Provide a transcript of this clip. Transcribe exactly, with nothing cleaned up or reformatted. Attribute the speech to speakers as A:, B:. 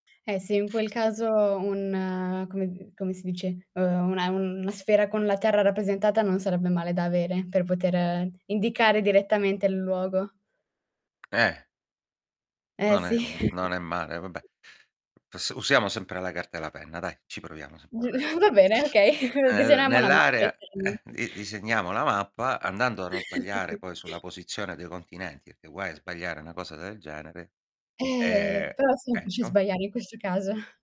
A: Eh, sì, in quel caso un come come si dice? Uhm, una un sfera con la terra, rappresentata non sarebbe male da avere, per poter indicare direttamente il luogo.
B: Eh.
A: Eh,
B: Non è
A: sì.
B: m non è male, vabbè. P usiamo sempre la carta e la penna dai, ci proviamo
A: Giu va bene,
B: [unintelligible]
A: okay.
B: E, beh,
A: Disegniamo una mappa
B: nell'area, eh,
A: [unintelligible]
B: di disegniamo la mappa, andando a non sbagliare poi sulla posizione dei continenti, pché guai a sbagliare una cosa del genere,
A: Eh,
B: e
A: però è semplice
B: Ecco.
A: sbagliare in questo caso.